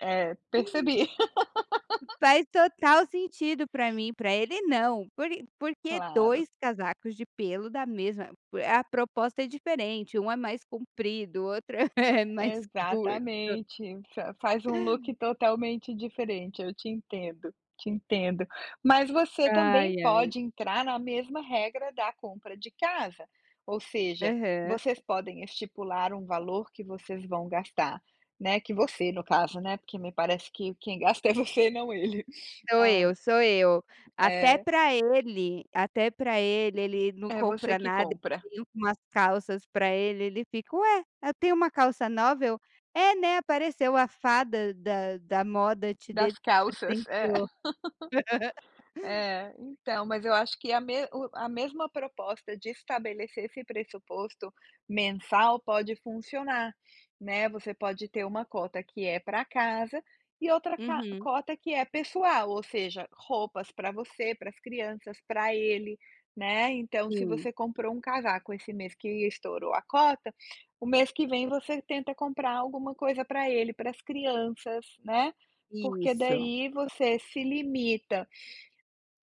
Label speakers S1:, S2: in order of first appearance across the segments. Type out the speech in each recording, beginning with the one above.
S1: É, percebi.
S2: Faz total sentido para mim, para ele não. Por por que
S1: Claro.
S2: 2 casacos de pelo da mesma A proposta é diferente, um é mais comprido, outro é mais curto.
S1: Exatamente, fa-faz um look totalmente diferente. Eu te entendo, te entendo. Mas você também
S2: Ai, ai.
S1: pode entrar na mesma regra da compra de casa, ou seja,
S2: Aham.
S1: vocês podem estipular um valor que vocês vão gastar, né, que você no caso, né, porque me parece que quem gasta é você e não ele,
S2: Sou
S1: hã
S2: eu, sou eu. Até
S1: É.
S2: para ele até para ele, ele não
S1: É você
S2: compra
S1: que
S2: nada.
S1: compra.
S2: Comprei umas calças para ele, ele fica: "Ué, eu tenho uma calça nova?" Eu: "É, né, apareceu a fada da da moda te deu de
S1: Das
S2: te
S1: calças, é.
S2: presenteou."
S1: É, então, mas eu acho que a me o a mesma proposta de estabelecer esse pressuposto mensal pode funcionar, né. Você pode ter uma cota que é para casa e outra ca
S2: Uhum.
S1: cota que é pessoal, ou seja, roupas para você, para as crianças, para ele, né. Então, se
S2: Sim.
S1: você comprou um casaco esse mês que estourou a cota, o mês que vem você tenta comprar alguma coisa para ele, para as crianças, né. Porque,
S2: Isso.
S1: daí, você se limita,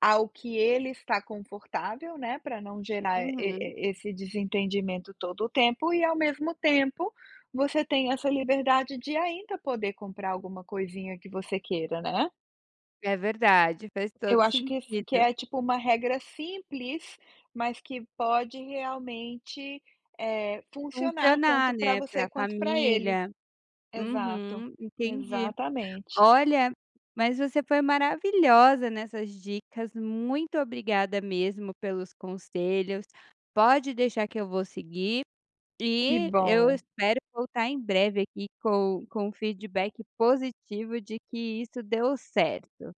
S1: ao que ele está confortável, né, para não gerar e
S2: Uhum.
S1: e esse desentendimento todo o tempo, e ao mesmo tempo você tem essa liberdade de ainda poder comprar alguma coisinha que você queira, né.
S2: É verdade, faz
S1: Eu
S2: todo
S1: acho que s que
S2: sentido.
S1: é, tipo, uma regra simples, mas que pode realmente, eh, funcionar
S2: Funcionar,
S1: tanto para
S2: né,
S1: você
S2: para
S1: quanto para ele.
S2: família.
S1: Exato.
S2: Uhum. Entendi.
S1: Exatamente.
S2: Olha, mas você foi maravilhosa nessas dicas. Muito obrigada mesmo pelos conselhos. Pode deixar que eu vou seguir,
S1: Que
S2: e eu
S1: bom.
S2: espero voltar em breve aqui com com o feedback positivo de que isso deu certo.